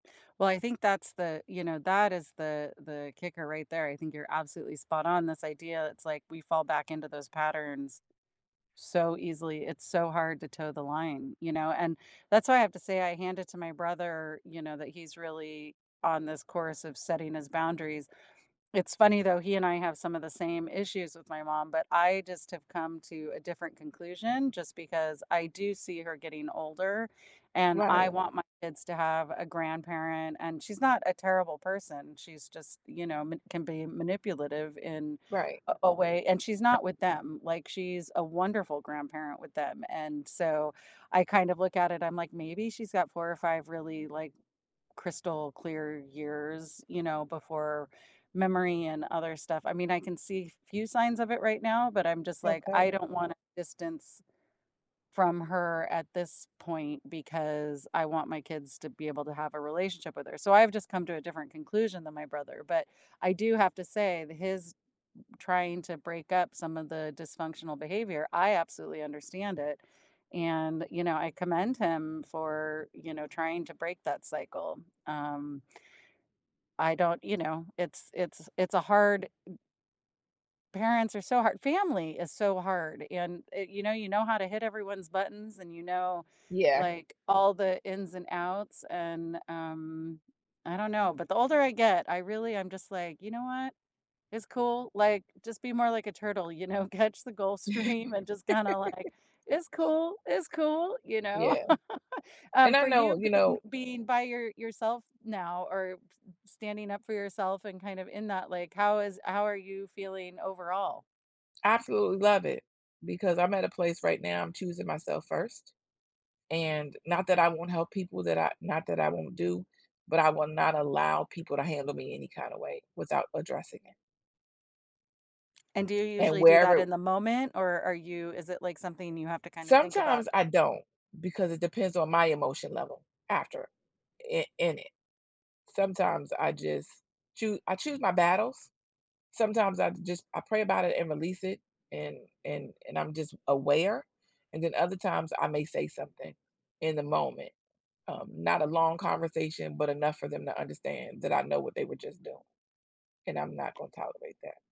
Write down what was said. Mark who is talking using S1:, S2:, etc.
S1: Well, I think that's the you know, that is the the kicker right there; I think you're absolutely spot on. This idea, it's like we fall back into those patterns so easily, it's so hard to toe the line, you know, and that's why I have to say I hand it to my brother, you know, that he's really on this course of setting his boundaries. It's funny though, he and I have some of the same issues with my mom, but I just have come to a different conclusion just because I do see her getting older, and I
S2: Right.
S1: want my kids to have a grandparent, and she's not a terrible person she's just, you know, m can be manipulative in
S2: Right.
S1: a a way and she's not with them, like she's a wonderful grandparent with them, and so, I kind of look at it, I'm like, "Maybe she's got 4 or 5 really like crystal clear years," you know, before memory and other stuff. I mean, I can see few signs of it right now, but I'm just like, "I
S2: Okay.
S1: don't wanna distance from her at this point because I want my kids to be able to have a relationship with her." So I've just come to a different conclusion than my brother, but I do have to say that his trying to break up some of the dysfunctional behavior, I absolutely understand it. And, you know, I commend him for, you know, trying to break that cycle, um I don't you know, it's it's it's a hard Parents are so hard family is so hard and it you know, you know how to hit everyone's buttons and you know,
S2: Yeah.
S1: like, all the ins and outs and, um, I don't know, but the older I get, I really am just like, "You know what? It's cool," like, just be more like a turtle, you know? Catch the Gulf Stream and just kinda like, "It's cool, It's cool," you know?
S2: Yeah. And
S1: Um,
S2: I
S1: for you
S2: know, you
S1: being
S2: know
S1: being by your yourself now or s standing up for yourself and kind of in that, like, how is how are you feeling overall?
S2: Absolutely love it, because I'm at a place right now, I'm choosing myself first. And, not that I won't help people that I not that I won't do, but I will not allow people to handle me any kinda way without addressing it.
S1: And do you
S2: And
S1: usually do that
S2: wherever
S1: in the moment or are you is it like something you have to kind of think about?
S2: Sometimes I don't, because it depends on my emotion level after an an it sometimes I just choo I choose my battles. Sometimes I just I pray about it and release it, and and and I'm just aware, and then other times, I may say something in the moment. Um, not a long conversation, but enough for them to understand that I know what they were just doing, and I'm not gonna tolerate that.